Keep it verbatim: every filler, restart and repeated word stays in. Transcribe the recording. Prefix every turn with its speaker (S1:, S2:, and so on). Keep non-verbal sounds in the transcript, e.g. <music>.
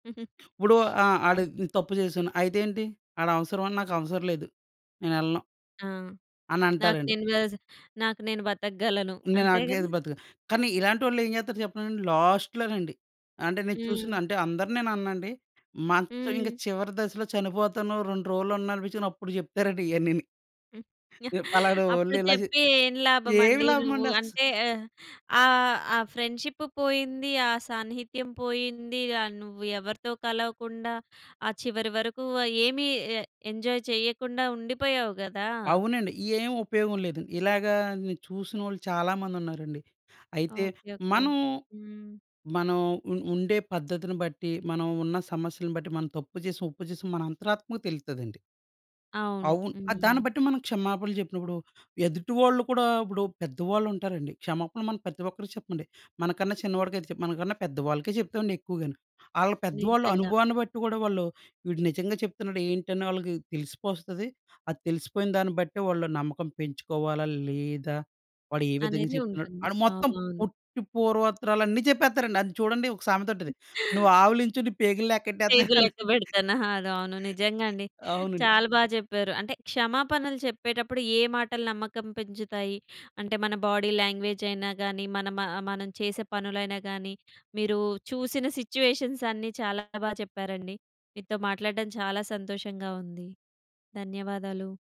S1: <chuckles>
S2: ఇప్పుడు
S1: <sniffs>
S2: ఆ! ఆడు
S1: ఆవును.
S2: తప్పు చేసాను అయితేంటి? ఆడవసరమా, నాకవసరం లేదు. నేనెళ్ళను.
S1: ఆ! నాకు
S2: అనంటారండి.
S1: నేను వేజ్ నాకు నేను బతకగలను.
S2: ఇంగా
S1: అంతే
S2: నాకేది
S1: కదా!
S2: బతుకు. కానీ ఇలాంటోల్లేం జేత్తరు చెప్పనండి లాస్ట్‌లో నండి. అంటే నేను చూసిన,
S1: హ్మ్.
S2: అంటే అందరినేననండి. మంచం
S1: హ్మ్.
S2: చివరి దశలో చనిపోతాను రెండు రోజులన్ననిపిచ్చినప్పుడు జెప్తారండి ఇయన్నిని.
S1: హ్మ్. యాహ్!
S2: ఎప్
S1: <chuckles> అప్పుడు
S2: పలానోళ్లు ఇలా చే
S1: చెప్పి ఏం
S2: ఏమి
S1: లాభమండి నువ్వు
S2: లాభమండస్
S1: అంటే ఆహ్, ఆ ఆ ఫ్రెండ్‌షిప్పు పోయింది. ఆ సాన్నిహిత్యం పోయిందిగా. య నువ్వు ఎవరితో కలవకుండా, ఆ చివరి వరకు ఏమి ఎ ఎంజాయ్ చెయ్యకుండా ఉండిపోయావు గదా!
S2: అవునండి. ఏం ఉపయోగం లేదండి. ఇలాగ చూసినోళ్ళు చాలా మంది ఉన్నారండి. అయితే,
S1: ఓకే. ఓకే.
S2: మనం
S1: హ్మ్.
S2: మనం ఉ ఉండే పద్ధతిని బట్టి మనం ఉన్న సమస్యలను బట్టి, మనం తప్పు చేసిన, ఒప్పు చేసిన మన అంతరాత్మకు తెలుత్తదండి.
S1: అవును.
S2: అవును. ఆ!
S1: హ్మ్.
S2: దాన్ని బట్టి మనం క్షమాపణలు చెప్పినప్పుడు ఎదుటివాళ్ళు కూడా ఇప్పుడు పెద్దవాళ్ళు ఉంటారండి, క్షమాపణలు మనం ప్రతి ఒక్కరికి చెప్పండి. మనకన్నా చిన్నవాడికై చేప్ మనకన్నా పెద్దవాళ్ళకే చెప్తామండి ఎక్కువగాను. ఆళ్ళ పెద్దవాళ్ళు
S1: నిజంగా.
S2: అనుభవాన్ని బట్టి కూడా వాళ్ళు, వీడు నిజంగా చెప్తున్నాడు ఏంటని వాళ్ళకి తెలిసిపోస్తది. అది తెలిసిపోయిన దాన్ని బట్టే, వాళ్ళు నమ్మకం పెంచుకోవాలా లేదా వాడు ఏ విధంగా
S1: అనేది
S2: చెప్తున్నాడు.
S1: ఉంటుంది.
S2: వాడు మొత్తం
S1: అవునవును.
S2: పొట్టి పూర్వత్తరాలన్ని చెప్పేత్తరండి. అది చూడండి ఒక సామెత ఉంటది, నువ్వు
S1: <chuckles>
S2: ఆవిలించు నీ పేగులు
S1: పేగులు
S2: లేక్కెట్టేతను. <chuckles>
S1: లెక్కపెడతాన్న. ఆ! అవును నిజంగా అండి.
S2: అవునండి.
S1: చాలా బాగా చెప్పారు. అంటే, క్షమ‌పనలు చెప్పేటప్పుడు ఏ మాటలు నమ్మకం పెంచుతాయి, అంటే మన బాడీ లాంగ్వేజయినా గాని, మనం మ చేసే పనులైనా గాని, మీరు చూసిన సిట్యుయేషన్సన్నీ చాలా బాగా చెప్పారండి. మీతో మాట్లాడటం చాలా సంతోషంగా ఉంది. ధన్యవాదాలు.